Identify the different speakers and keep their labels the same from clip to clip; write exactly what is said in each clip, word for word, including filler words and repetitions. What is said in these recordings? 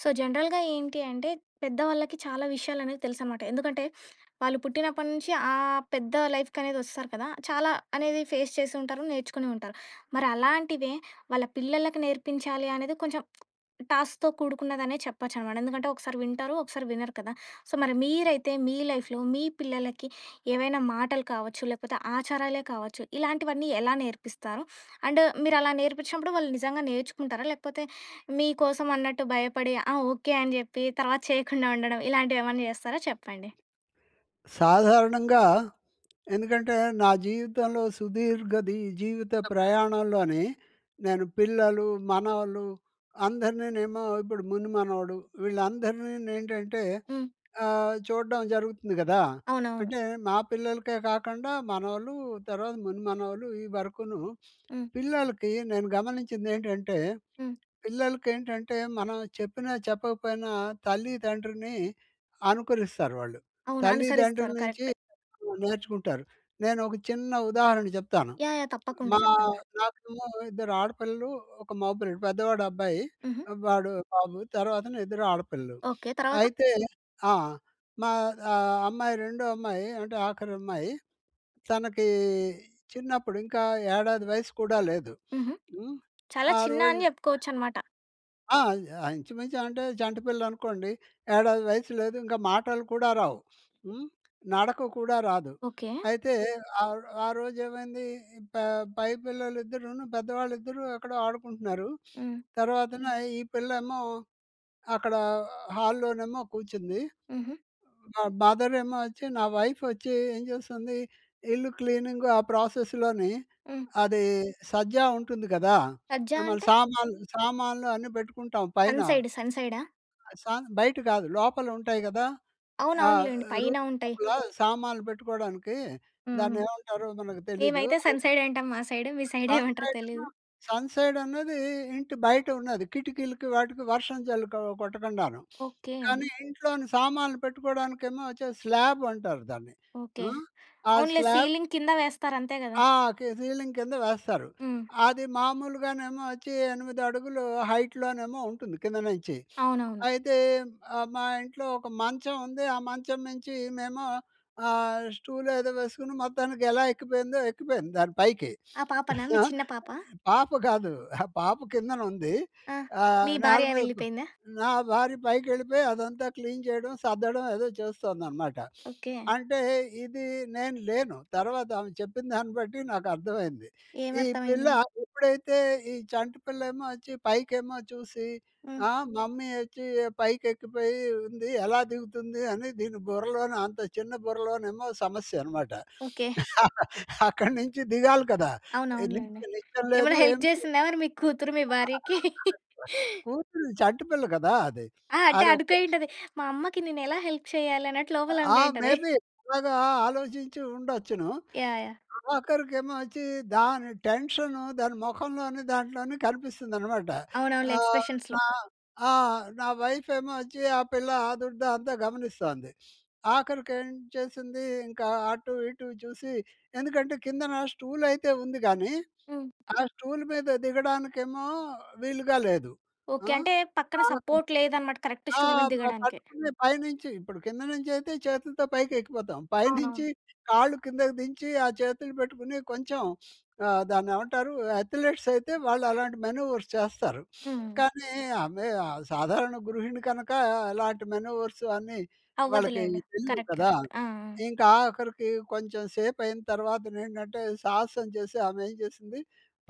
Speaker 1: So, జనరల్‌గా ఏంటి అంటే పెద్దవాళ్ళకి చాలా విషయాలనేవి తెలుసనమాట. ఎందుకంటే వాళ్ళు పుట్టినప్పటి నుంచి ఆ పెద్ద లైఫ్‌కి అనేది వస్తారు కదా! చాలా అనేది ఫేస్ చేసి ఉంటారు నేర్చుకొని ఉంటారు. మరి అలాంటివే వాళ్ళ పిల్లలకి నేర్పించాలి అనేది కొంచెం టాస్క్‌తో కూడుకున్నదనే చెప్పొచ్చు అనమాట. ఎందుకంటే ఒకసారి వింటారు, ఒకసారి వినరు కదా! సో మరి మీరైతే మీ లైఫ్‌లో మీ పిల్లలకి ఏవైనా మాటలు కావచ్చు, లేకపోతే ఆచారాలే కావచ్చు ఇలాంటివన్నీ ఎలా నేర్పిస్తారు? అండ్ మీరు అలా నేర్పించినప్పుడు వాళ్ళు నిజంగా నేర్చుకుంటారా? లేకపోతే మీకోసం అన్నట్టు భయపడి ఆ! ఓకే. అని చెప్పి తర్వాత చేయకుండా ఉండడం ఇలాంటివి ఏమన్నా చేస్తారా చెప్పండి.
Speaker 2: సాధారణంగా ఎందుకంటే నా జీవితంలో సుదీర్ఘ ది జీవిత ప్రయాణంలోని నేను పిల్లలు, మనవలు అందరినీనేమో ఇప్పుడు ముని మనవడు వీళ్ళందరినీ ఏంటంటే
Speaker 1: హ్మ్.
Speaker 2: ఆహ్, చూడ్డం జరుగుతుంది కదా!
Speaker 1: అవునవును.
Speaker 2: అంటే మా పిల్లలకే కాకుండా మనవలు తర్వాత ముని మనవలు ఈ వరకును
Speaker 1: హ్మ్.
Speaker 2: పిల్లలకి నేను గమనించింది ఏంటంటే,
Speaker 1: హ్మ్.
Speaker 2: పిల్లలకేంటంటే మనం చెప్పిన చెప్పకపోయినా తల్లిదండ్రిని అనుకరిస్తారు వాళ్ళు.
Speaker 1: అవును.
Speaker 2: తల్లిదండ్రుల
Speaker 1: అనుసరిస్తారు
Speaker 2: నుంచి
Speaker 1: కరెక్ట్.
Speaker 2: నేర్చుకుంటారు. నేను ఒక చిన్న ఉదాహరణ చెప్తాను.
Speaker 1: యాహ్! యాహ్! తప్పకుండా
Speaker 2: మా
Speaker 1: చెప్పండి.
Speaker 2: నాకేమో ఇద్దరు ఆడపిల్లలు ఒక మగపిల్లడు పెద్దవాడు అబ్బాయి.
Speaker 1: హుహు.
Speaker 2: వాడు బాబు. తర్వాత ఇద్దరు ఆడపిల్లలు.
Speaker 1: ఓకే. తరవాత?
Speaker 2: అయితే ఆ! మా ఆహ్, అమ్మాయి రెండో అమ్మాయి అంటే ఆఖరి అమ్మాయి తనకి చిన్నప్పుడు ఇంకా ఏడాది వయసు కూడా
Speaker 1: హ్మ్.
Speaker 2: లేదు
Speaker 1: హుహు.
Speaker 2: హ్మ్.
Speaker 1: చాలా
Speaker 2: ఆ
Speaker 1: చిన్న
Speaker 2: రోజు
Speaker 1: అని చెప్పుకోవచ్చు అన్నమాట.
Speaker 2: ఆ! యాహ్! ఇంచుమించాంటే, చంటి పిల్లనుకోండి. ఏడాది వయసు లేదు, ఇంకా మాటలు కూడా రావు. హ్మ్. నడక కూడా రాదు.
Speaker 1: ఓకే.
Speaker 2: అయితే, ఆ రో ఆ రోజేమయిందీ, ఈ ప పై పిల్లలిద్దరూను పెద్దవాళ్ళిద్దరూ ఎక్కడో ఆడుకుంటున్నారు.
Speaker 1: హ్మ్.
Speaker 2: తరవాతన ఈ పిల్లేమో, అక్కడా హాల్‌లోనేమో కూర్చుందీ.
Speaker 1: హుహు.
Speaker 2: మ మదరేమో వచ్చి నా వైఫొచ్చీ ఏం జేస్తుందీ, ఇల్లు క్లీనింగు ఆ ప్రాసెస్‌లోనీ
Speaker 1: హ్మ్.
Speaker 2: అదీ సజ్జా ఉంటుంది గదా!
Speaker 1: సజ్జా
Speaker 2: ఆహ్, మన
Speaker 1: అంటే?
Speaker 2: సామాన్లు సామాన్లు అన్నీ బెట్టుకుంటాం పైన.
Speaker 1: సన్‌సైడు, సన్‌సైడ?
Speaker 2: ఆ! సన్ బయట కాదు, లోపలుంటాయి గదా! ఆ
Speaker 1: అవునవునులేండి. పైన
Speaker 2: రూము
Speaker 1: ఉంటయి.
Speaker 2: లోపాలా సామాన్లు బెట్టుకోడానికీ,
Speaker 1: హ్మ్.
Speaker 2: దాన్నేమంటారో మనకు తెలీదూ
Speaker 1: మేమైతే
Speaker 2: అది.
Speaker 1: సన్‌సైడంటాం మా సైడు. మీ సైడేమంటరో
Speaker 2: సన్‌సైడేమో
Speaker 1: తెలీదు.
Speaker 2: సన్‌సైడన్నదీ ఇంటి బయట ఉన్నది. కిటికీలకి, వాటికి వర్షం జల్లు కొ కొట్టకుండాను.
Speaker 1: ఓకే.
Speaker 2: కానీ, ఇంట్లోని సామాన్లు పెట్టుకోడానికేమో, వచ్చది స్లాబంటారు దాన్ని.
Speaker 1: ఓకే.
Speaker 2: ఆ! ఆ
Speaker 1: అవునులే
Speaker 2: స్లాబ్
Speaker 1: సీలింగ్ కింద వేస్తారంతే కదా!
Speaker 2: ఆ‌! కే సీలింగ్ కింద వేస్తారు.
Speaker 1: హ్మ్.
Speaker 2: అది మామూలుగానేమో వచ్చీ, ఎనిమిదడుగులు హైట్‌లోనేమో ఉంటుంది, కింద నుంచి.
Speaker 1: అవునవును.
Speaker 2: అయితే, ఆహ్, మా ఇంట్లో ఒక మంచం ఉంది, ఆ మంచం నుంచి ఈమేమో ఆహ్, స్టూలేదో వేసుకుని, మొత్తానికెలా ఎక్కిపోయిందో, ఎక్కిపోయింది దాని పైకి.
Speaker 1: ఆ పాపనా? మీ
Speaker 2: ఆ?
Speaker 1: చిన్న పాపా?
Speaker 2: పాప కాదు, అహా! పాప కిందనుందీ,
Speaker 1: ఆ! మీ
Speaker 2: ఆహ్, నేల
Speaker 1: భార్య
Speaker 2: మీద గు
Speaker 1: వెళ్ళిపోయిందా?
Speaker 2: నా భార్య పైకెళ్ళిపోయి, అదంతా క్లీన్ చేయడం, సర్దడం ఏదో జేస్తోందనమాట.
Speaker 1: ఓకే.
Speaker 2: అంటే ఇదీ, నేను లేను. తరవాతామె చెప్పిన దాన్ని బట్టీ, నాకర్థమయింది.
Speaker 1: ఏం
Speaker 2: ఈ పిల్ల
Speaker 1: అర్థమైంది?
Speaker 2: ఎప్పుడైతే, ఈ చంటి పిల్లేమో వొచ్చి, పైకేమో చూసి,
Speaker 1: హ్మ్.
Speaker 2: ఆహ్, మమ్మీ యోచ్చీ, ఏ పైకెక్కిపోయి ఉంది, ఎలా దిగుతుంది అని, దీని బుర్రలోన, అంత చిన్న బుర్రలోనేమో సమస్యనమాట.
Speaker 1: ఓకే.
Speaker 2: అక్కడినుంచి దిగాలి కదా! ఏ
Speaker 1: అవునవునులేండి.
Speaker 2: నిచ్చె నిచ్చెన లేదు,
Speaker 1: ఏమైనా హెల్ప్
Speaker 2: ఏమి లేదు.
Speaker 1: జేసిందా మరి మీ కూతురు మీ
Speaker 2: చాలా బా
Speaker 1: భార్యకి?
Speaker 2: అంటే, కూతురు చంటిపిల్ల గదా అది!
Speaker 1: ఆ! అంటే,
Speaker 2: అదొక
Speaker 1: అనుకైయుంటది. మా అమ్మకి నేనెలా హెల్ప్ చేయాలన్నట్టు,
Speaker 2: ఆ!
Speaker 1: లోపలనుకైయుంటది.
Speaker 2: మేబి అలాగా ఆలోచించి ఉండొచ్చును.
Speaker 1: యాహ్! యాహ్!
Speaker 2: ఆఖరికేమో వచ్చీ, దాని టెన్షను, దాని మొఖంలోని, దాంట్లోని కనిపిస్తుందనమాట.
Speaker 1: అవునవునులే
Speaker 2: ఆహ్,
Speaker 1: ఎక్స్‌ప్రెషన్స్‌లో.
Speaker 2: నా ఆ! నా వైఫేమో వచ్చి, ఆ పిల్ల ఆదుర్ధా అంతా గమనిస్తోంది. ఆఖరికేం చేసిందీ, ఇంకా అటు, ఇటు చూసి ఎందుకంటే, కిందనా స్టూలయితే ఉంది గానీ,
Speaker 1: హ్మ్.
Speaker 2: ఆ స్టూలు మీద దిగడానికేమో, వీలుగా లేదు.
Speaker 1: ఓకే.
Speaker 2: ఆ!
Speaker 1: అంటే పక్కన
Speaker 2: ఆగకు
Speaker 1: సపోర్ట్ లేదనమాట, కరెక్ట్
Speaker 2: ఆ!
Speaker 1: స్టూల్ మీద
Speaker 2: ప
Speaker 1: దిగడానికి.
Speaker 2: పట్టుకుని, పైనుంచి ఇప్పుడు కింద నుంచయితే చేతులతో పైకెక్కిపోతాం, పైనుంచి
Speaker 1: అవునవును.
Speaker 2: కాళ్ళు కిందకి దించీ, ఆ చేతులు బెట్టుకుని కొంచెం ఆహ్, దాన్నేమంటారూ, అథ్లెట్సయితే వాళ్ళు అలాంటి మెనోవర్స్ చేస్తారు.
Speaker 1: హ్మ్.
Speaker 2: కానీ, ఆమె ఆహ్, సాధారణ గృహిణి కనకా, అలాంటి మెనోవర్స్ అన్ని వాళ్ళకయ్యి
Speaker 1: అవ్వదులేండి.
Speaker 2: తెలియవు
Speaker 1: కరెక్ట్.
Speaker 2: కదా!
Speaker 1: కరెక్ట్. ఆ! ఆ!
Speaker 2: ఇంకాఖరికీ, కొంచెం సేపయిన తరవాతనేంటంటే, సాహసం జేసి ఆమేం జేసింది,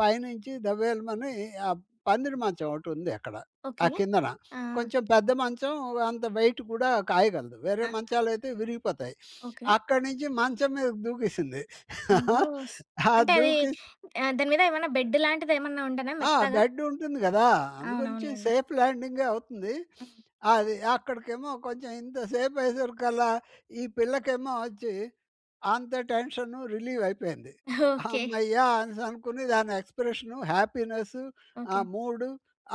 Speaker 2: పైనుంచి దబేలుమని ఆ పందిరి మంచం ఒకటుంది అక్కడ. ఆ
Speaker 1: ఓకే.
Speaker 2: కిందన.
Speaker 1: ఆ! ఆ!
Speaker 2: కొంచెం పెద్ద మంచం, అంత వెయిట్ కూడా కాయగలదు. వేరే
Speaker 1: ఆ!
Speaker 2: మంచాలయితే విరిగిపోతాయి.
Speaker 1: ఓకే.
Speaker 2: అక్కడి నుంచి, మంచం మీదకి దూకేసింది.
Speaker 1: ఆ! హొస్
Speaker 2: ఆ!
Speaker 1: అంటే అదీ
Speaker 2: దూకి
Speaker 1: ఆహ్, దాని మీద ఏమన్నా, బెడ్డు లాంటిదేమన్నా ఉం‌డెనా
Speaker 2: ఆ!
Speaker 1: మెత్తగా.
Speaker 2: బెడ్ ఉంటుంది గదా! అందు గురించి
Speaker 1: అవునవునులెండి.
Speaker 2: సేఫ్ ల్యాండింగే అవుతుంది.
Speaker 1: హ్మ్.
Speaker 2: అది, అక్కడికేమో కొంచెం ఇంత సేపయ్యేసరికల్లా, ఈ పిల్లకేమో వచ్చి, అంత టెన్షనూ రిలీ‌వయిపోయింది.
Speaker 1: ఓకే.
Speaker 2: హమ్మయ్య! అనేసనుకుని, దాని ఎక్స్‌ప్రెషను, హ్యాపీనెస్సు, ఆ
Speaker 1: ఓకే.
Speaker 2: మూడు,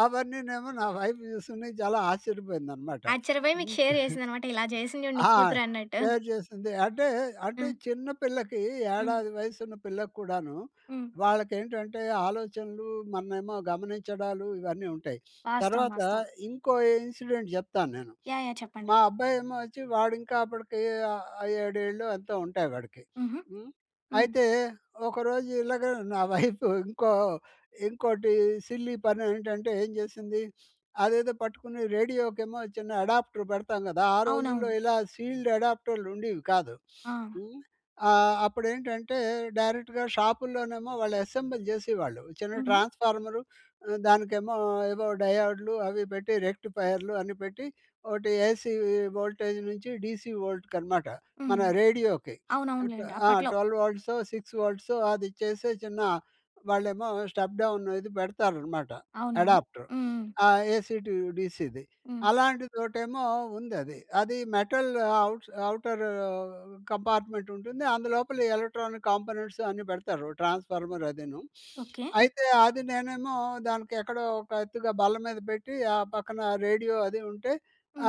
Speaker 2: అవన్నీనేమో నా వైవ్ చూసుకుని, జాలా ఆశ్చర్యపోయిందనమాట.
Speaker 1: ఆచ్చర్యబోయి మీకు
Speaker 2: హ్మ్.
Speaker 1: షేర్ జేసిందనమాట, ఇలా జేసింది చూడు నీ
Speaker 2: ఆ!
Speaker 1: కూతురన్నట్టు.
Speaker 2: డేర్ చేసింది. అంటే,
Speaker 1: ఆ!
Speaker 2: అంటే చిన్న పిల్లకీ,
Speaker 1: హ్మ్.
Speaker 2: ఏడాది వయసు ఉన్న పిల్లకి కూడానూ,
Speaker 1: హ్మ్.
Speaker 2: వాళ్ళకేంటంటే ఆలోచనలూ, మననేమో గమనించడాలూ, ఇవన్నీ ఉంటాయి.
Speaker 1: వాస్తవం.
Speaker 2: తర‌వాత
Speaker 1: వాస్తవం.
Speaker 2: ఇంకో ఇన్సిడెంట్ జెప్తా నేను.
Speaker 1: యాహ్! యాహ్! చెప్పండి.
Speaker 2: మా అబ్బాయేమో వొచ్చి, వా‌డింకా అప్పడికీ ఆహ్, ఏడేళ్ళో ఎంతో ఉంటాయి వాడికి.
Speaker 1: హుహు.
Speaker 2: హ్మ్.
Speaker 1: హ్మ్.
Speaker 2: అయితే, ఒకరోజు ఇలాగ నా వైఫు ఇంకో ఇంకోటి సిల్లీ పనేంటంటే, ఏం జేసిందీ, అదేదో పట్టుకుని, రేడియోకేమో చిన్న ఎడాప్టర్ బెడతాం గదా! ఆ రోజుల్లో
Speaker 1: అవునవును.
Speaker 2: ఇలా సీల్డ్ ఎడాప్టర్లుండేవి కాదు.
Speaker 1: ఆ!
Speaker 2: హ్మ్. ఆహ్, అప్పుడేంటంటే, డైరెక్ట్‌గా షాపుల్లోనేమో, వాళ్ళు ఎసెంబుల్ జేసేవాళ్ళు. చిన్న
Speaker 1: హ్మ్.
Speaker 2: ట్రాన్స్‌ఫార్మరు ఆహ్, దానికేమో ఏవో డయోడ్లు అవీ బెట్టి, రెక్టిఫయర్లు అన్ని పెట్టి, ఒకటి ఏసీ వోల్టేజ్ నుంచి, డీసీ వోల్ట్‌కనమాట మన
Speaker 1: హ్మ్.
Speaker 2: రేడియోకి. ఏం ట్వ
Speaker 1: అవునవునులేండి
Speaker 2: ఆ!
Speaker 1: అప్పట్లో.
Speaker 2: ట్వెల్వ్ వోల్ట్‌సో, సిక్స్ వోల్ట్‌సో, అది చేసే చిన్న వాళ్ళేమో స్టెప్ డౌను ఇది బెడతారనమాట.
Speaker 1: అవునా! హ్మ్,
Speaker 2: ఎడాప్టర్
Speaker 1: హ్మ్.
Speaker 2: ఆ! ఏసీ‌ టు డీసీది
Speaker 1: హ్మ్.
Speaker 2: అలాంటిదొటేమో ఉందది. అది మెటల్ ఔట్స్ ఔటరూ కంపార్ట్మెంటుంటుంది, అందులోపల ఎలక్ట్రానిక్ కాంపోనెంట్స్ అన్నీ బెడతారు. ట్రాన్స్‌ఫార్మర్ అదీను.
Speaker 1: ఓకే.
Speaker 2: అయితే, అది నేనేమో దానికెక్కడో, ఒక ఎత్తుగా బల్ల మీద బెట్టి, ఆ పక్కన రేడియో అదీ ఉంటే,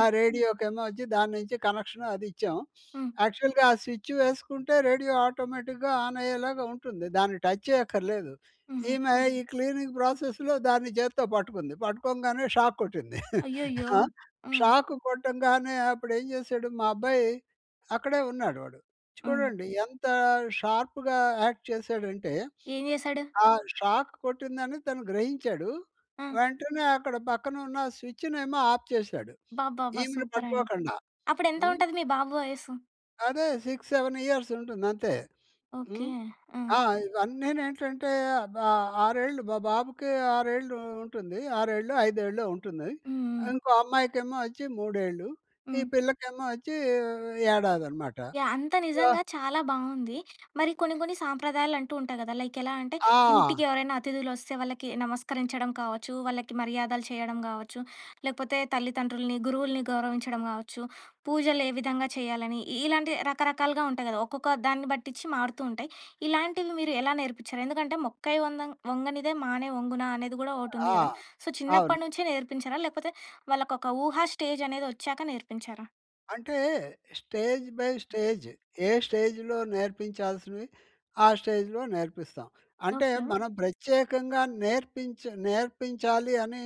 Speaker 2: ఆ రేడియోకేమో వొచ్చి దాన్నుంచి కనక్షను అదిచ్చాం.
Speaker 1: హ్మ్.
Speaker 2: యాక్చువల్‌గా ఆ స్విచ్చు వేసుకుంటే, రేడియో ఆటోమేటిక్‌గా ఆనయ్యేలాగా ఉంటుంది. దాన్ని టచ్ చేయక్కర్లేదు.
Speaker 1: హుహు.
Speaker 2: ఈమె ఈ క్లీనింగ్ ప్రాసెస్‌లో దాన్ని జేత్తో బట్టుకుంది. బట్టుకోంగానే షాక్ కొట్టింది.
Speaker 1: అయ్యోయ్యో!
Speaker 2: ఆ!
Speaker 1: ఆ!
Speaker 2: షాకు కొట్టంగానే, అప్పుడేం జేశాడు మా అబ్బాయి, అక్కడే ఉన్నాడు వాడు.
Speaker 1: హ్మ్.
Speaker 2: చూడండి, ఎంతా షార్పుగా యాక్ట్ చేసాడంటే,
Speaker 1: ఏం జేశాడు?
Speaker 2: ఆ! షాకు కొట్టిందని తను గ్రహించాడు,
Speaker 1: ఆ!
Speaker 2: వెంటనే అక్కడ పక్కనున్న స్విచ్చునేమో ఆప్ చేశాడు,
Speaker 1: అబ్బబ్బబ్బా!
Speaker 2: ఈమెను
Speaker 1: సూపరండి.
Speaker 2: పట్టుకోకుండా.
Speaker 1: అప్పుడెంత
Speaker 2: హ్మ్.
Speaker 1: ఉంటది మీ బాబు వయస్సు?
Speaker 2: అదే సిక్స్ సెవెన్ ఇయర్స్ ఉంటుంది అంతే.
Speaker 1: ఓకే.
Speaker 2: హ్మ్.
Speaker 1: హ్మ్.
Speaker 2: ఆ! ఇవన్నేంటంటే ఆహ్, ఆరేళ్ళు బ బాబుకి ఆరేళ్ళు ఉంటుంది. ఆరేళ్ళో, ఐదేళ్ళో ఉంటుంది.
Speaker 1: హుహు.
Speaker 2: ఇంకో అమ్మాయికేమో వచ్చి మూడేళ్లు ఈ
Speaker 1: హ్మ్.
Speaker 2: పిల్లకేమో వచ్చి ఏడాది అనమాట.
Speaker 1: యాహ్! అంత
Speaker 2: సో
Speaker 1: నిజంగా చాలా బావుంది. మరి కొన్ని కొన్ని సాంప్రదాయాలు అంటూ ఉంటాయి కదా! లైక్ ఎలా అంటే, ఇంటికి
Speaker 2: ఆ!
Speaker 1: ఎవరైనా అతిధులొస్తే వాళ్ళకి నమస్కరించడం కావచ్చు, వాళ్ళకి మర్యాదలు చేయడం కావచ్చు, లేకపోతే తల్లిదండ్రుల్ని, గురువుల్ని గౌరవించడం కావచ్చు, పూజలు ఏ విధంగా చేయాలని ఇలాంటి రకరకాలుగా ఉంటాయి కదా! ఒక్కొక్క దాన్ని బట్టించి మారుతూ ఉంటాయి. ఇలాంటివి మీరు ఎలా నేర్పించారు? ఎందుకంటే, మొక్కై వంగ వంగనిదే మానై వంగునా! అనేది కూడా ఒకటి ఉంది
Speaker 2: ఆ!
Speaker 1: కదా! సో,
Speaker 2: అవును.
Speaker 1: చిన్నప్పటి నుంచే నేర్పించారా? లేకపోతే వాళ్ళకి ఒక ఊహా స్టేజ్ అనేదొచ్చాక నేర్పించారా?
Speaker 2: అంటే స్టేజ్ బై స్టేజ్ ఏ స్టేజ్‌లో నేర్పించాల్సినవి, ఆ స్టేజ్‌లో నేర్పిస్తాం. అంటే
Speaker 1: ఓకే.
Speaker 2: మనం ప్రత్యేకంగా నేర్పించి నేర్పించాలి అని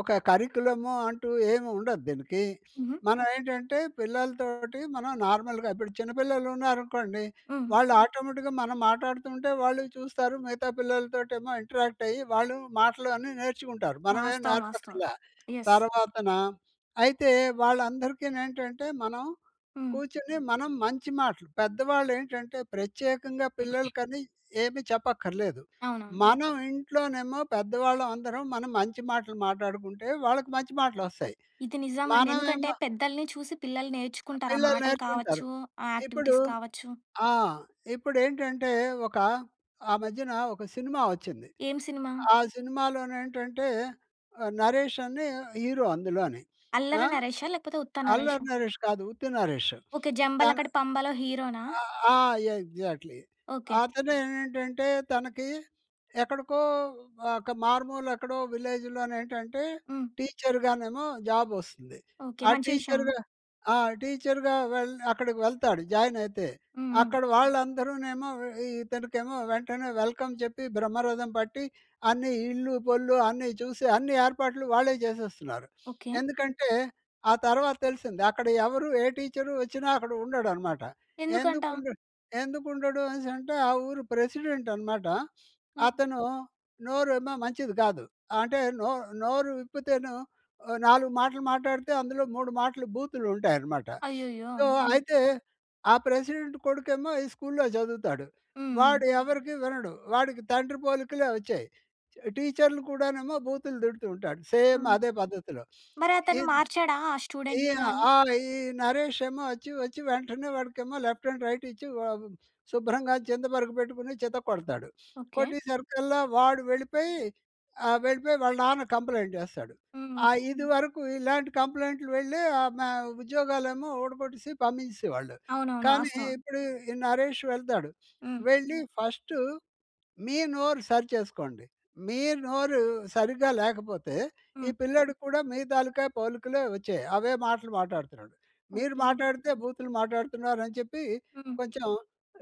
Speaker 2: ఒక కరిక్యులమ్ అంటూ ఏమి ఉండదు దీనికి.
Speaker 1: హుహు.
Speaker 2: మనం ఏంటంటే, పిల్లలతోటి మనం నార్మల్‌గా ఇప్పుడు చిన్న పిల్లలున్నారనుకోండి.
Speaker 1: హ్మ్.
Speaker 2: వాళ్ళు ఆటోమేటిక్‌గా మనం మాట్లాడుతుంటే వాళ్ళు చూస్తారు, మిగతా పిల్లలతోటి ఏమో ఇంటరాక్ట్ అయ్యి, వాళ్ళు మాటలు అన్నీ నేర్చుకుంటారు. మనమేం
Speaker 1: వాస్తవం. వాస్తవం.
Speaker 2: నేర్పక్కర్లా.
Speaker 1: యెస్.
Speaker 2: తర్వాతన అయితే వాళ్ళందరికి నేంటంటే, మనం
Speaker 1: హ్మ్.
Speaker 2: కూర్చొని మనం మంచి మాటలు పెద్దవాళ్ళేంటంటే, ప్రత్యేకంగా పిల్లలకని ఏమీ చెప్పక్కర్లేదు.
Speaker 1: అవునవును.
Speaker 2: మనం ఇంట్లోనేమో పెద్దవాళ్ళం అందరం మనం మంచి మాటలు మాట్లాడుకుంటే, వాళ్ళకి మంచి మాటలొస్తాయి.
Speaker 1: ఇది నిజం అండి. ఎందుకంటే
Speaker 2: మనమేమో
Speaker 1: పెద్దల్ని చూసి పిల్లలు
Speaker 2: ఆ!
Speaker 1: నేర్చుకుంటారు. ఆ
Speaker 2: పిల్లలు
Speaker 1: మాటలు
Speaker 2: నేర్చుకుంటారు.
Speaker 1: కావచ్చు, ఆ
Speaker 2: ఇప్పుడు
Speaker 1: యాక్టివిటీస్ కావచ్చు.
Speaker 2: ఆ! ఇప్పుడేంటంటే, ఒక ఆ మధ్యన ఒక సినిమా వచ్చింది.
Speaker 1: ఏం సినిమా?
Speaker 2: ఆ సినిమాలోనేంటంటే 'నరేష్' అని హీరో అందులోని.
Speaker 1: అల్లరి
Speaker 2: ఆహ్,
Speaker 1: నరేషా? లేకపోతే ఉత్త నరేషా?
Speaker 2: 'అల్లరి నరేష్' కాదు ఉత్తి 'నరేష్'
Speaker 1: ఓకే.
Speaker 2: తన
Speaker 1: 'జంబలకడి పంబలో' హీరోనా?
Speaker 2: ఆ! ఎగ్జాక్ట్లీ.
Speaker 1: ఓకే.
Speaker 2: అతను ఏంటంటే, తనకి ఎక్కడికో ఒక మారుమూల ఎక్కడో విలేజ్‌‌‌లోనేంటంటే,
Speaker 1: హ్మ్.
Speaker 2: టీచర్‌గానేమో జాబ్ వస్తుంది.
Speaker 1: ఓకే.
Speaker 2: ఆ
Speaker 1: మంచి విషయం.
Speaker 2: టీచర్‌గా ఆ! టీచర్‌గా వెళ్ అక్కడికి వెళ్తాడు జాయిన్ అయితే.
Speaker 1: హుహు.
Speaker 2: అక్కడ వాళ్ళందరూనేమో ఇతనికేమో వెంటనే వెల్‌కమ్ చెప్పి బ్రహ్మరథం పట్టి అన్ని ఇల్లు, పొల్లు అన్నీ చూసి అన్ని ఏర్పాట్లు వాళ్ళే చేసేస్తున్నారు.
Speaker 1: ఓకే.
Speaker 2: ఎందుకంటే, ఆ తర్వాత తెల్సింది. అక్కడ ఎవరు ఏ టీచర్ వచ్చినా అక్కడ ఉండడనమాట. ఎందుకు
Speaker 1: ఎందుకంటా?
Speaker 2: ఉండు ఎందుకు ఉండడు అనేసి అంటే ఆ ఊరు ప్రెసిడెంట్ అనమాట.
Speaker 1: హ్మ్.
Speaker 2: అతను నోరేమో మంచిది కాదు. అంటే నో నోరు విప్పితేను నాలుగు మాటలు మాట్లాడితే అందులో మూడు మాటలు బూతులుంటాయనమాట.
Speaker 1: అయ్యయ్యో!
Speaker 2: సో,
Speaker 1: హ్మ్.
Speaker 2: అయితే, ఆ ప్రెసిడెంట్ కొడుకేమో ఈ స్కూలులో చదువుతాడు.
Speaker 1: హ్మ్. హ్మ్.
Speaker 2: వాడు ఎవరికీ వినడు. వాడికి తండ్రి పోలికలే వచ్చాయి. టీచరులు కూడానేమో బూతులు తిడుతూ ఉంటాడు సేమ్
Speaker 1: హ్మ్.
Speaker 2: అదే పద్ధతిలో.
Speaker 1: మరతను
Speaker 2: ఈద్
Speaker 1: మార్చాడా ఆ
Speaker 2: ఈ
Speaker 1: స్టూడెంట్‌ని గాని?
Speaker 2: ఆ! ఈ నరేష్ ఏమో వచ్చి వచ్చి వెంటనే వాడికేమో లెఫ్ట్ అండ్ రైట్ ఇచ్చి వ శుభ్రంగా చింద పరుగు పెట్టుకొని చిత్తకొడతాడు.
Speaker 1: ఓకే.
Speaker 2: కొట్టేసరికల్లా వాడు వెళ్ళిపోయి ఆహ్, వెళ్ళిపోయి వాళ్ళ నాన్న కంప్లెయింట్ చేస్తాడు.
Speaker 1: హుహు.
Speaker 2: ఆహ్, ఇది వరకు ఇలాంటి కంప్లెయింటులు వెళ్ళే ఆ మ ఉద్యోగాలేమో ఊడబట్టేసి పంపించేసేవాళ్ళు.
Speaker 1: అవునవును.
Speaker 2: కానీ
Speaker 1: వాస్తవం.
Speaker 2: ఇప్పుడు ఈ 'నరేష్' వెళ్తాడు.
Speaker 1: హ్మ్.
Speaker 2: వెళ్ళి ఫస్టు, మీ నోరు సరి చేసుకోండి. మీ నోరు సరిగ్గా లేకపోతే ఈ
Speaker 1: హ్మ్.
Speaker 2: పిల్లోడికి కూడా మీ తాలుకా పోలికలే వచ్చాయి అవే మాటలు మాట్లాడుతున్నాడు. మీరు
Speaker 1: ఓకే.
Speaker 2: మాట్లాడితే బూతులు మాట్లాడుతున్నారు అని చెప్పి
Speaker 1: హ్మ్.
Speaker 2: కొంచెం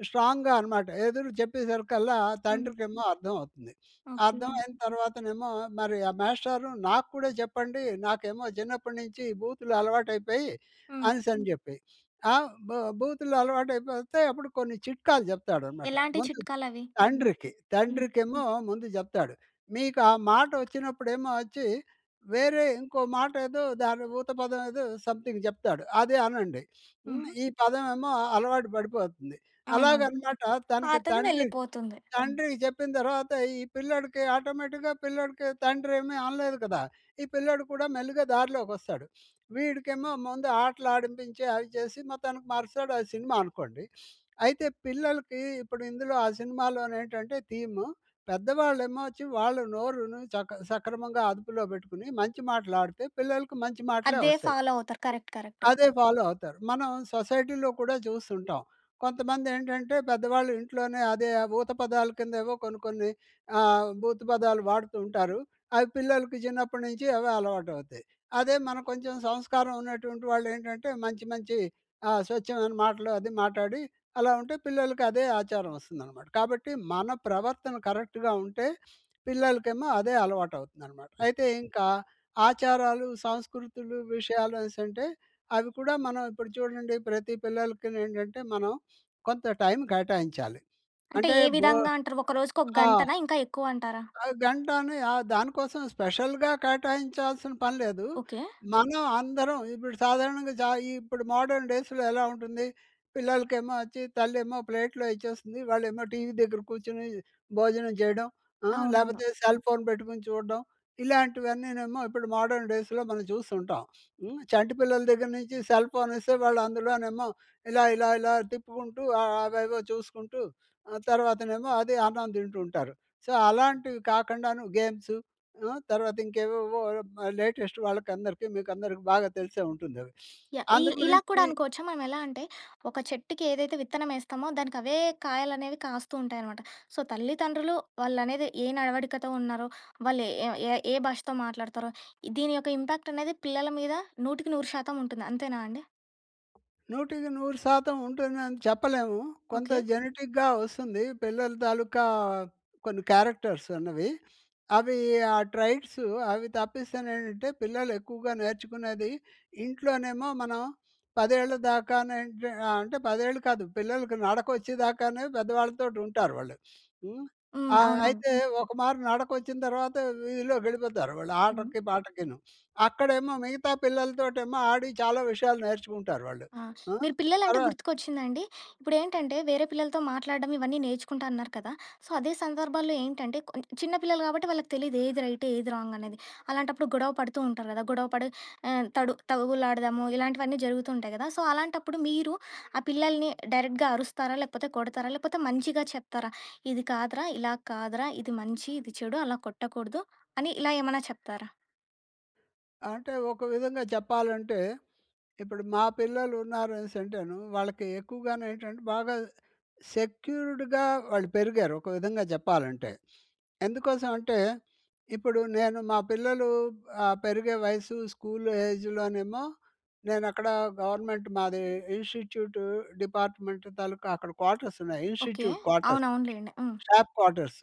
Speaker 2: స్ట్రాంగ్‌గా అనమాట, ఎదురు చెప్పేసరికల్లా
Speaker 1: హ్మ్.
Speaker 2: తండ్రికేమో అర్థం అవుతుంది.
Speaker 1: ఓకే.
Speaker 2: అర్థం అయిన తర్వాతనేమో మరి ఆ మాస్టారు నాకు కూడా చెప్పండి. నాకేమో చిన్నప్పటి నుంచి బూతులు అలవాటైపోయాయి
Speaker 1: హ్మ్.
Speaker 2: అనేసని చెప్పి. ఆ! బ బూతులు అలవాటైపోతే అప్పుడు కొన్ని చిట్కాలు చెప్తాడనమాట.
Speaker 1: ఎలాంటి
Speaker 2: ముందు
Speaker 1: చిట్కాలవి?
Speaker 2: తండ్రికి.
Speaker 1: హ్మ్.
Speaker 2: తండ్రికేమో ముందు చెప్తాడు. మీకా మాట వచ్చినప్పుడేమో వచ్చి, వేరే ఇంకో మాటేదో దాని ఊత పదం ఏదో సంథింగ్ చెప్తాడు. అదే అనండి. హ్మ్.
Speaker 1: హుహు.
Speaker 2: ఈ పదం ఏమో అలవాటు పడిపోతుంది.
Speaker 1: అవునవును.
Speaker 2: అలాగనమాట తనకి
Speaker 1: పాతది
Speaker 2: తండ్రి
Speaker 1: వెళ్ళిపోతుంది.
Speaker 2: తండ్రికి చెప్పిన తరువాత ఈ పిల్లోడికి ఆటోమేటిక్‌గా పిల్లోడికి తండ్రి ఏమి అనలేదు కదా! ఈ పిల్లోడు కూడా మెల్లిగా దార్లోకి వస్తాడు. వీడికేమో ముందు ఆటలు ఆడిపించి అవి చేసి మొతానికి మారుస్తాడు. ఆ సినిమా అనుకోండి. అయితే పిల్లలకి ఇప్పుడు ఇందులో ఆ సినిమాలోనేంటంటే థీమ్ పెద్దవాళ్ళేమో వచ్చి వాళ్ళు నోరుని సక సక్రమంగా అదుపులో పెట్టుకొని, మంచి మాట్లాడితే పిల్లలకి మంచి మాటలే
Speaker 1: అదే
Speaker 2: వస్తాయి.
Speaker 1: ఫాలో అవుతారు. కరెక్ట్. కరెక్ట్.
Speaker 2: అదే ఫాలో అవుతారు. మనం సొసైటీలో కూడా చూస్తుంటాం. కొంతమందేంటంటే, పెద్దవాళ్ళు ఇంట్లోనే అదే ఆ ఊత పదాల కిందేవో కొన్ని కొన్ని ఆహ్, భూతు పదాలు వాడుతూ ఉంటారు. అవి పిల్లలకి చిన్నప్పటి నుంచి అవే అలవాటవుతాయి. అదే మనం కొంచెం సంస్కారం ఉన్నటువంటి వాళ్ళేంటంటే, మంచి మంచి ఆహ్, స్వచ్ఛమైన మాటలు అది మాట్లాడి అలా ఉంటే పిల్లలకి అదే ఆచారం వస్తుందనమాట. కాబట్టి మన ప్రవర్తన కరెక్ట్‌గా ఉంటే, పిల్లలకేమో అదే అలవాటవుతుందనమాట. అయితే ఇంకా ఆచారాలు, సంస్కృతులు విషయాలనేసంటే, అవి కూడా మనం ఇప్పుడు చూడండి ప్రతి పిల్లలకి నేంటంటే మనం కొంత టైం కేటాయించాలి.
Speaker 1: అంటే
Speaker 2: అంటే
Speaker 1: ఏ
Speaker 2: బో
Speaker 1: విధంగా అంటారు? ఒక రోజుకి ఒక
Speaker 2: ఆ!
Speaker 1: గంటనా? ఇంకా ఎక్కువ అంటారా?
Speaker 2: ఆహ్, గంటని ఆహ్, దాని కోసం స్పెషల్‌గా కేటాయించాల్సిన పని లేదు.
Speaker 1: ఓకే.
Speaker 2: మనం అందరం ఇప్పుడు సాధారణంగా చా ఇప్పుడు మోడర్‌న్ డేస్‌‌లో ఎలా ఉంటుంది, పిల్లలకేమో వచ్చి తల్లి ఏమో ప్లేట్‌లో ఇచ్చేస్తుంది. వాళ్ళేమో టీవీ దగ్గర కూర్చొని భోజనం చేయడం. ఆహ్,
Speaker 1: అవునవును.
Speaker 2: లేకపోతే సెల్‌ఫోన్ పెట్టుకొని చూడడం. ఇలాంటివన్నీనేమో ఇప్పుడు మోడర్‌న్ డేస్‌లో మనం చూస్తూ ఉంటాం. హ్మ్. చంటిపిల్లల దగ్గర నుంచి సెల్‌ఫోన్ ఇస్తే వాళ్ళు అందులోనేమో ఇలా ఇలా ఇలా తిప్పుకుంటూ, ఆహ్, అవేవో చూసుకుంటూ తర్వాతనేమో అది అన్నం తింటుంటారు. సో, అలాంటివి కాకుండాను గేమ్స్ ఆహ్, తర్వాత ఇంకేవేవో లేటెస్ట్ వాళ్ళకి అందరికి మీకందరికీ బాగా తెలిసే ఉంటుంది అవి.
Speaker 1: యాహ్! ఈ ఇలా కూడా
Speaker 2: అందుగురించి
Speaker 1: అనుకోవచ్చా? మనం ఎలా అంటే ఒక చెట్టుకి ఏదైతే విత్తనమేస్తామో దానికవే కాయలనేవి కాస్తూ ఉంటాయి అనమాట. సో, తల్లిదండ్రులు వాళ్ళనేది ఏ నడవడికతో ఉన్నారో, వాళ్ళే ఏ ఏ భాషతో మాట్లాడతారో, దీని యొక్క ఇంపాక్ట్ అనేది పిల్లల మీద నూటికి నూరు శాతం ఉంటుంది. అంతేనా అండి?
Speaker 2: నూటికి నూరు శాతం ఉంటుందని చెప్పలేము. కొంత
Speaker 1: ఓకె.
Speaker 2: జెనెటిక్‌గా వస్తుంది. పిల్లల తాలూకా కొన్ని క్యారెక్టర్స్ అన్నవి. అవి ఆ ట్రైట్స్ అవి తప్పిస్తేనేటంటే పిల్లలెక్కువగా నేర్చుకునేది, ఇంట్లోనేమో మనం పదేళ్లదాకా నేంట్ అంటే పదేళ్ళు కాదు పిల్లలకి నడకొచ్చేదాకానే పెద్దవాళ్ళతోటుంటారు వాళ్ళు. హ్మ్.
Speaker 1: హ్మ్.
Speaker 2: ఆహ్,
Speaker 1: అవునవును.
Speaker 2: అయితే ఒక మారు నడకొచ్చిన తరువాత వీధిలోకెళ్ళిపోతారు వాళ్ళు
Speaker 1: హ్మ్.
Speaker 2: ఆటకీ పాటకీను. అక్కడేమో మిగతా పిల్లలతోటి ఏమో ఆడి చాలా విషయాలు నేర్చుకుంటారు వాళ్ళు.
Speaker 1: ఆ!
Speaker 2: హ్మ్.
Speaker 1: మీరు పిల్లలంటే
Speaker 2: తర్వా
Speaker 1: గుర్తుకొచ్చిందండి. ఇప్పుడేంటంటే వేరే పిల్లలతో మాట్లాడడం ఇవన్నీ నేర్చుకుంటా అన్నారు కదా! సో, అదే సందర్భాల్లో ఏంటంటే కొ చిన్న పిల్లలు గాబట్టి వాళ్ళకి తెలీదు. ఏది రైటు ఏది రాంగనేది. అలాంటప్పుడు గొడవ పడుతూ ఉంటారు గదా! గొడవపడి ఆహ్, తడు తగువులాడదాము ఇలాంటివన్నీ జరుగుతుంటాయి గదా! సో, అలాంటప్పుడు, మీరు ఆ పిల్లలని డైరెక్ట్‌గా అరుస్తారా? లేపోతే కొడతారా? లేపోతే మంచిగా చెప్తారా? ఇది కాదురా! ఇలా కాదురా! ఇది మంచి, ఇది చెడు అలా కొట్టకూడదు అని ఇలా ఏమైనా చెప్తారా?
Speaker 2: అంటే ఒక విధంగా చెప్పాలంటే, ఇప్పుడు మా పిల్లలున్నారు అనేసింటేను వాళ్ళకి ఎక్కువగానేంటంటే బాగా సెక్యూర్డ్‌గా వాళ్ళు పెరిగారు, ఒక విధంగా చెప్పాలంటే. ఎందుకోసం అంటే, ఇప్పుడు నేను మా పిల్లలు అహ్, పెరిగే వయసు స్కూలు ఏజ్‌లోనేమో నేనక్కడ గవర్నమెంట్ మాది ఇన్‌స్టిట్యూట్ డిపార్ట్మెంట్ తాలూకా అక్కడ క్వార్టర్స్ ఉన్నాయి.
Speaker 1: ఓకే.
Speaker 2: Institute quarters.
Speaker 1: అవునవునులేండి. హ్మ్.
Speaker 2: Staff quarters.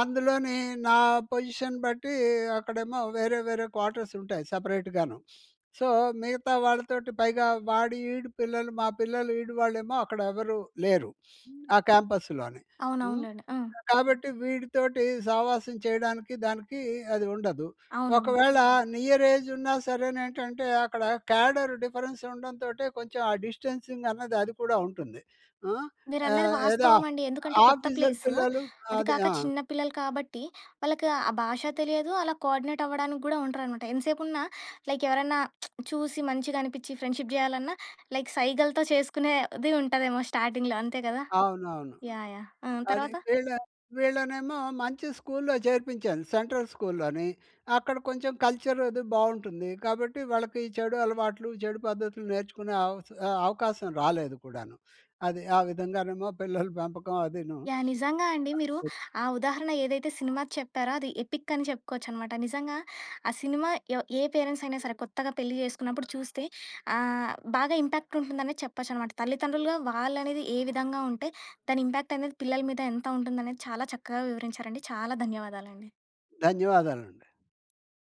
Speaker 2: అందులోని నా పొజిషన్ బట్టి అక్కడేమో వేరే, వేరే క్వార్టర్స్ ఉంటాయి సెపరేట్‌గాను. సొ, మిగతా వాళ్ళతోటి పైగా వాడి ఈడు పిల్లలు మా పిల్లలు ఈడు వాళ్ళేమో అక్కడ ఎవరు లేరు.
Speaker 1: హ్మ్.
Speaker 2: ఆ క్యాంపస్‌లోని. హ్మ్.
Speaker 1: అవునవునులెండి. ఆ!
Speaker 2: కాబట్టి వీడితోటి సావాసం చేయడానికి దానికి అది ఉండదు.
Speaker 1: అవునవును.
Speaker 2: ఒకవేళ నియరేజున్నా సరేనేంటంటే అక్కడ క్యాడర్ డిఫరెన్స్ ఉండంతోటే కొంచెం ఆ డిస్టెన్సింగన్నది అది కూడా ఉంటుంది. ఆ!
Speaker 1: మీరన్నది
Speaker 2: ఆహ్, ఏ దా
Speaker 1: వాస్తవమండి ఎందుకంటే కొత్త
Speaker 2: ఆఫీసర్
Speaker 1: ప్లేసు.
Speaker 2: పిల్లలు
Speaker 1: అది
Speaker 2: అదే
Speaker 1: కాక
Speaker 2: ఆ!
Speaker 1: చిన్న పిల్లలు కాబట్టి వాళ్ళకి ఆ భాషా తెలియదు. అలా కోర్డినేట్ అవ్వడానికి గూడా ఉండరన్నమాట. ఎంతసేపున్నా లైక్ ఎవరన్నా చూసి మంచిగా అనిపిచ్చి ఫ్రెండ్‌షిప్ జేయాలన్నా లైక్ సైగలతో చేసుకునేది ఉంటాదేమో! స్టార్టింగ్‌లో అంతే గదా!
Speaker 2: అవునవును.
Speaker 1: యాహ్! యాహ్! ఆ!
Speaker 2: అది
Speaker 1: తర్వాత?
Speaker 2: వీళ్ళ వీళ్ళనేమో మంచి స్కూల్లో చేర్పించాను సెంట్రల్ స్కూల్లోని అక్కడ కొంచెం కల్చరది బావుంటుంది. కాబట్టి వాళ్ళకి చెడు అలవాట్లు, చెడు పద్ధతులు నేర్చుకునే అవస్ ఆహ్, అవకాశం రాలేదు కూడాను. అది ఆ విధంగానేమో పిల్లల పెంపకం అదీను
Speaker 1: యాహ్! నిజంగా అండి. మీరు ఆ ఉదాహరణ ఏదైతే సినిమా చెప్పారో అది ఎపిక్ అని చెప్పుకోవచ్చనమాట. నిజంగా ఆ సినిమా ఎ ఏ పేరెంట్స్ అయినా సరే కొత్తగా పెళ్లి జేసుకున్నప్పుడు చూస్తే అహ్, బాగా ఇంపాక్ట్ ఉంటుందనే చెప్పొచ్చనమాట. తల్లితండ్రులుగా వాళ్ళనేది ఏ విధంగా ఉంటే దాని ఇంపాక్టనేది పిల్లల మీద ఎంత ఉంటుందనేది చాలా చక్కగా వివరించారండి. చాలా ధన్యవాదాలండి.
Speaker 2: ధన్యవాదాలండి.